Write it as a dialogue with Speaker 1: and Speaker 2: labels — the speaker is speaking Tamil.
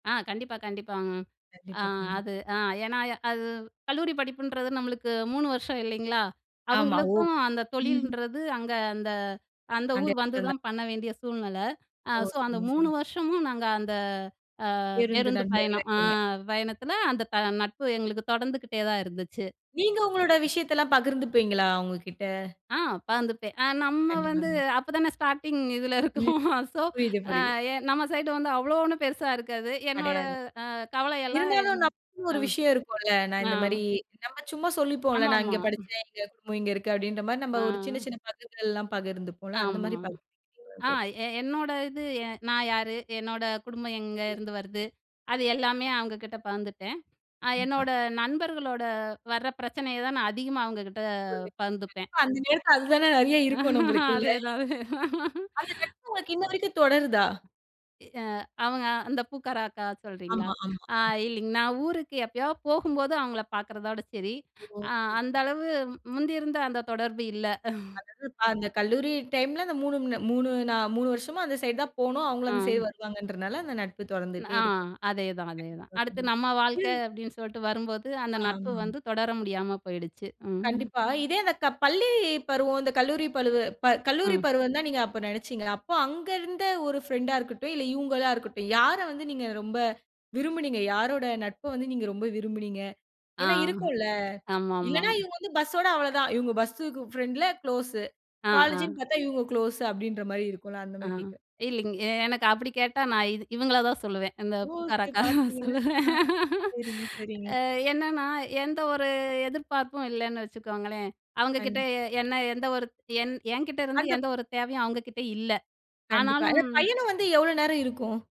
Speaker 1: ஆ கண்டிப்பா, கண்டிப்பாங்க. அ
Speaker 2: கண்டிப்பா, கண்டிப்பா.
Speaker 1: அது அ ஏன்னா அது கல்லூரி படிப்புன்றது நம்மளுக்கு 3 வருஷம் இல்லைங்களா,
Speaker 2: ஆமா. ஓ,
Speaker 1: அவங்களுக்கும் அந்த
Speaker 2: ம்ஹ்ம்.
Speaker 1: தொழிலன்றது அங்க அந்த அந்த
Speaker 2: அந்த
Speaker 1: ஊர்
Speaker 2: இடத்துல [unintelligible]
Speaker 1: வந்துதான் பண்ண வேண்டிய சூழ்நிலை. அ
Speaker 2: ஓ!
Speaker 1: ஸோ அந்த
Speaker 2: சரி,
Speaker 1: 3
Speaker 2: சரி.
Speaker 1: வருஷமும் நாங்க அந்த, அ
Speaker 2: பேருந்து
Speaker 1: பேருந்து
Speaker 2: நண்பர்களா
Speaker 1: பயணம், அ
Speaker 2: இருக்கீங்க.
Speaker 1: பயணத்துல அந்த த நட்பு எங்களுக்கு தொடர்ந்துக்கிட்டே தான் இருந்துச்சு.
Speaker 2: நீங்க உங்களோட விஷயத்தெல்லாம் பகிர்ந்துப்பீங்களா அவுங்ககிட்ட?
Speaker 1: அ பகுந்துபேன். அ நம்ம வந்து
Speaker 2: கண்டிப்பாங்க.
Speaker 1: அப்பதானே ஸ்டார்ட்டிங் இதுல
Speaker 2: ம்.
Speaker 1: இருக்கோம் ஸோ
Speaker 2: புரியுது,
Speaker 1: அ
Speaker 2: புரியுது.
Speaker 1: எ நம்ம சைடு வந்து அவ்ளோ ஒண்ணு பெருசா இருக்காது. என்னோட
Speaker 2: கிடையாது.
Speaker 1: அ கவலை எல்லாம்,
Speaker 2: இருந்தாலும் நமக்கு ஒரு
Speaker 1: அ,
Speaker 2: விஷயம் இருக்கும்ல. நான்
Speaker 1: அ.
Speaker 2: இந்த மாரி நம்ம சும்மா சொல்லிப்போம்ல, "நான்
Speaker 1: ஆமாமா,
Speaker 2: இங்க
Speaker 1: ம்.
Speaker 2: படிச்சேன். எங்க குடும்பம் இங்க இருக்கு." அப்டின்ற மாரி நாம ஒரு சின்ன,
Speaker 1: அ.
Speaker 2: சின்ன பகுதிகள்லாம் பகிர்ந்துப்போம்ல, அந்த
Speaker 1: ஆமா,
Speaker 2: மாரி பகிர்ந்துபீங்களானு
Speaker 1: ஆ
Speaker 2: கேட்டேன்.
Speaker 1: எ என்னோடது நான் யாரு? என்னோட குடும்பம் எங்கே
Speaker 2: ம்.
Speaker 1: இருந்து வருது? அது எல்லாமே அவங்க கிட்ட பகிர்ந்துட்டேன். அ
Speaker 2: கண்டிப்பா.
Speaker 1: என்னோட நண்பர்களோட வர பிரச்சனையை தான் நான் அதிகமா அவங்ககிட்ட
Speaker 2: [unintelligible]
Speaker 1: பகிர்ந்துப்பேன்.
Speaker 2: கண்டிப்பா அந்த நேரத்துல அதுதானே நெறையா இருக்கும் நம்மளுக்குள்ள!
Speaker 1: அதே தான், அதே தான்.
Speaker 2: அந்த நட்பு உனக்கு இன்ன வரைக்கும் தொடருதா?
Speaker 1: எ அ அவங்க, அந்த பூக்கார அக்கா சொல்றீங்களா?
Speaker 2: ஆமா, ஆமா,
Speaker 1: ஆ
Speaker 2: ஆமா.
Speaker 1: இல்லைங்க நான் ஊருக்கு எப்பயா போகும்போது, அவங்கள பாக்குறதோட சரி.
Speaker 2: ஓ!
Speaker 1: அ
Speaker 2: சரி,
Speaker 1: அந்த
Speaker 2: சரி.
Speaker 1: அளவு முந்தி இருந்த அந்த தொடர்பு இல்ல.
Speaker 2: அதாவது அந்த கல்லூரி டைம்ல் அந்த 3 3 நா, 3 வருஷமா அந்த சைட் தான் போனோம், அவங்க அந்த
Speaker 1: அ.
Speaker 2: சைட் வருவாங்கன்றனால. அந்த நட்பு
Speaker 1: நா
Speaker 2: தொடர்ந்துட்டே இருக்கு.
Speaker 1: அதேதான் அதேதான். அடுத்து நம்ம வாழ்க்க
Speaker 2: [unintelligible]
Speaker 1: அப்டின்னு சொல்லிட்டு வரும்போது, அந்த நட்பு
Speaker 2: ஆமா.
Speaker 1: வந்து தொடர முடியாம போயிடுச்சு. ம்.
Speaker 2: கண்டிப்பா. இதேது க பள்ளி பருவம் இந்த கல்லூரி பழுவு ப கல்லூரி
Speaker 1: ம்.
Speaker 2: பருவம் தான் நீங்க அப்ப நினைச்சீங்களா? அப்ப அங்க இருந்த ஒரு ஃப்ரெண்ட்டா இருக்கட்டும் இல்ல, இவங்களா இருக்கட்டும், யார வந்து நீங்க ரொம்ப விரும்பினீங்க? யாரோட நட்ப வந்து நீங்க ரொம்ப விரும்பினீங்க.
Speaker 1: ஆ,
Speaker 2: ஏன்னா இருக்கும்ல.
Speaker 1: ஆமாமா.
Speaker 2: இல்லன்னா இவங்க வந்து பஸ்ஸோட அவ்ளோ தான். இவங்க பஸ் ஃப்ரெண்ட்ல க்ளோஸ்.
Speaker 1: அ,
Speaker 2: காலேஜ்ன்னு
Speaker 1: அ.
Speaker 2: பாத்தா, இவங்க க்ளோஸ் அப்டின்ற மாரி இருக்கும்ல. அந்த
Speaker 1: ஆ
Speaker 2: மாரி கேட்குறேன்.
Speaker 1: இல்லைங்க. எனக்கு அப்டி கேட்டா, நான் இது இவங்கள தான் சொல்லுவேன். இந்த
Speaker 2: ஓ!
Speaker 1: பூக்கார
Speaker 2: சரி
Speaker 1: அக்கா
Speaker 2: பார்த்தீங்களா, அ.
Speaker 1: சொல்லுவேன்.
Speaker 2: சரிங்க, சரிங்க.
Speaker 1: அ என்னன்னா, எந்த ஒரு எதிர்பார்ப்பும் இல்லன்னு வச்சுக்கோங்களேன். அவங்க கிட்ட
Speaker 2: கண்டிப்பா.
Speaker 1: எ என்ன எந்த ஒரு என் என்கிட்ட இருந்து
Speaker 2: அந்தப்
Speaker 1: எந்த ஒரு தேவையும் அவங்ககிட்ட இல்ல.
Speaker 2: கண்டிப்பா. அந்தப்
Speaker 1: ஆனாலும்
Speaker 2: பயணம் வந்து எவ்ளோ நேரம் இருக்கும்?